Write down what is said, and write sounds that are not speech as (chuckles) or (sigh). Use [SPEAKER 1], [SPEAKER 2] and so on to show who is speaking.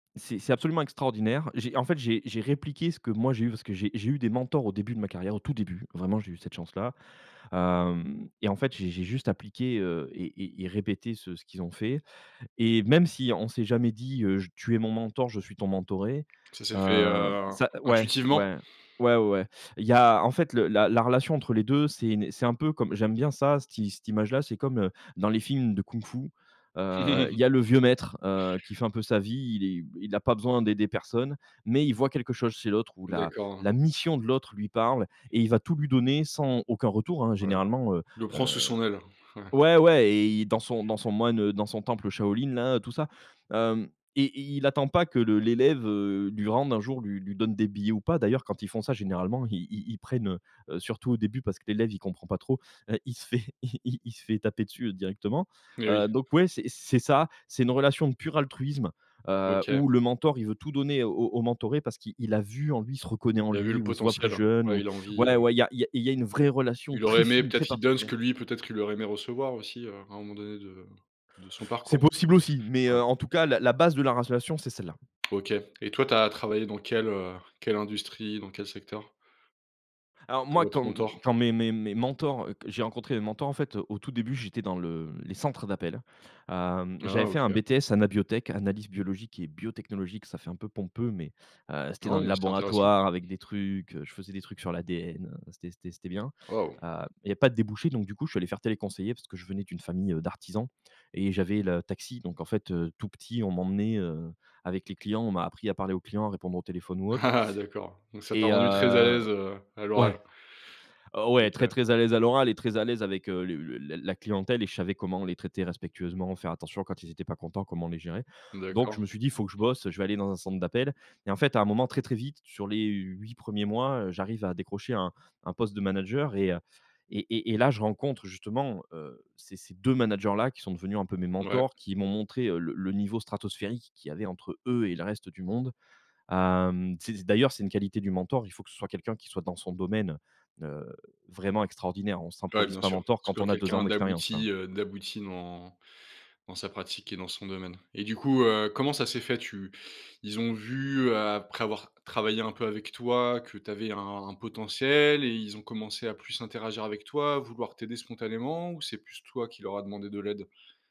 [SPEAKER 1] C'est, c'est absolument extraordinaire. J'ai en fait j'ai j'ai répliqué ce que moi j'ai eu parce que j'ai j'ai eu des mentors au début de ma carrière, au tout début, vraiment j'ai eu cette chance là. Hem et en fait j'ai j'ai juste appliqué, heu et et et répété ce ce qu'ils ont fait et même si on s'est jamais dit, heu: «Je tu es mon mentor, je suis ton mentoré»,
[SPEAKER 2] Ça s'est fait,
[SPEAKER 1] hem,
[SPEAKER 2] heu,
[SPEAKER 1] ça ouais,
[SPEAKER 2] intuitivement?
[SPEAKER 1] ouais, ouais, ouais, ouais. Il y a, en fait le la la relation entre les 2, c'est une, heu, c'est un peu comme j'aime bien ça, cette i cette image-là c'est comme, heu, dans les films de kung-fu, heu, il
[SPEAKER 2] (chuckles)
[SPEAKER 1] y a le vieux maître, heu, qui fait un peu sa vie, il est il a pas besoin d'aider personne, mais il voit quelque chose chez l'autre ou la
[SPEAKER 2] D'accord.
[SPEAKER 1] la mission de l'autre lui parle et il va tout lui donner sans, aucun retour hein,
[SPEAKER 2] Ouais,
[SPEAKER 1] généralement, heu
[SPEAKER 2] il le prend sous son
[SPEAKER 1] heu
[SPEAKER 2] aile, ouais.
[SPEAKER 1] ouais, ouais et dans son dans son moine, heu, dans son temple Shaolin là, tout ça. Hem et il il attend pas que le l'élève, heu, lui rende un jour lui lui donne des billets ou pas. D'ailleurs, quand ils font ça généralement ils ils prennent, heu heu, surtout au début, parce que l'élève il comprend pas trop, heu, il se fait, il il il se fait taper dessus directement.
[SPEAKER 2] Et
[SPEAKER 1] Heu
[SPEAKER 2] oui.
[SPEAKER 1] donc, ouais c'est c'est ça, c'est une relation de pur altruisme, heu,
[SPEAKER 2] OK.
[SPEAKER 1] où le mentor, il veut tout donner au au mentoré, parce qu'il il a vu en lui, il se reconnaît en
[SPEAKER 2] Il a vu
[SPEAKER 1] lui,
[SPEAKER 2] le
[SPEAKER 1] ou il se voit plus
[SPEAKER 2] potentiel, heu,
[SPEAKER 1] jeune
[SPEAKER 2] ouais
[SPEAKER 1] ou,
[SPEAKER 2] il a envie,
[SPEAKER 1] voilà,
[SPEAKER 2] heu
[SPEAKER 1] ouais, ouais il y a il y a il y a une vraie relation
[SPEAKER 2] il aurait
[SPEAKER 1] très
[SPEAKER 2] aimé
[SPEAKER 1] fine,
[SPEAKER 2] peut-être
[SPEAKER 1] très
[SPEAKER 2] qu'il donne ce
[SPEAKER 1] particulière.
[SPEAKER 2] que lui peut-être qu'il aurait aimé recevoir aussi, heu, à un moment donné de de son
[SPEAKER 1] C'est
[SPEAKER 2] parcours.
[SPEAKER 1] possible aussi, mais,
[SPEAKER 2] Ouais.
[SPEAKER 1] heu, en tout cas la la base de la relation c'est celle-là.
[SPEAKER 2] OK et toi, tu as travaillé dans quelle, heu, quelle industrie, dans quel secteur?
[SPEAKER 1] Alors moi,
[SPEAKER 2] Pour
[SPEAKER 1] quand
[SPEAKER 2] être
[SPEAKER 1] m
[SPEAKER 2] mentor.
[SPEAKER 1] quand mes mes mes mentors, q j'ai rencontré mes mentors en fait, heu, au tout début, j'étais dans le les centres d'appels. Hem, j'avais
[SPEAKER 2] Ah
[SPEAKER 1] fait un
[SPEAKER 2] OK!
[SPEAKER 1] BTS AnabioTech, analyse biologique et biotechnologique, ça fait un peu pompeux mais, heu, c'était dans
[SPEAKER 2] Non,
[SPEAKER 1] les
[SPEAKER 2] mais c'est intéressant.
[SPEAKER 1] laboratoires avec des trucs, heu, je faisais des trucs sur l'ADN, heu, c'était c'était c'était bien.
[SPEAKER 2] Waouh!
[SPEAKER 1] Heu, il y avait pas de débouchés, donc du coup je suis allé faire téléconseiller, parce que je venais d'une famille, heu, d'artisans et j'avais le taxi, donc en fait, heu, tout petit on m'emmenait, heu, avec les clients, on m'a appris à parler aux clients, à répondre au téléphone ou autre.
[SPEAKER 2] Ah ah, d'accord. Donc ça t'a
[SPEAKER 1] Et
[SPEAKER 2] rendu très à
[SPEAKER 1] heu,
[SPEAKER 2] l'aise, heu, à
[SPEAKER 1] ouais.
[SPEAKER 2] l'oral?
[SPEAKER 1] Oh ouais très
[SPEAKER 2] OK.
[SPEAKER 1] très à l'aise à l'oral et très à l'aise avec, heu, le le la clientèle et je savais comment les traiter respectueusement, faire attention, quand ils étaient pas contents, comment les gérer. Donc je
[SPEAKER 2] D'accord.
[SPEAKER 1] me suis dit: «Il faut que je bosse, heu, je vais aller dans un centre d'appels» et en fait à un moment très, très vite sur les 8 1ers mois, heu, j'arrive à décrocher un un poste de manager et heu, et et et là, je rencontre justement, heu, ces ces 2 managers-là qui sont devenus un peu mes
[SPEAKER 2] Mouais.
[SPEAKER 1] mentors, qui m'ont montré, heu, le le niveau stratosphérique qu'il y avait entre eux et le reste du monde. Hem, c'est d'ailleurs, c'est une qualité du mentor, il faut que ce soit quelqu'un qui soit dans son domaine, heu, vraiment extraordinaire. On
[SPEAKER 2] Ouais,
[SPEAKER 1] s'improvise
[SPEAKER 2] bien
[SPEAKER 1] pas
[SPEAKER 2] sûr. Que
[SPEAKER 1] mentor
[SPEAKER 2] ce
[SPEAKER 1] quand
[SPEAKER 2] soit
[SPEAKER 1] on a 2 ans
[SPEAKER 2] quelqu'un
[SPEAKER 1] d'expérience,
[SPEAKER 2] d'abouti,
[SPEAKER 1] quoi.
[SPEAKER 2] heu, d'abouti dans dans sa pratique et dans son domaine et du coup, heu, comment ça s'est fait? Tu ils ont vu, après avoir travaillé un peu avec toi, que tu avais un potentiel et ils ont commencé à plus interagir avec toi, à vouloir t'aider spontanément ou c'est plus toi qui leur a demandé de l'aide?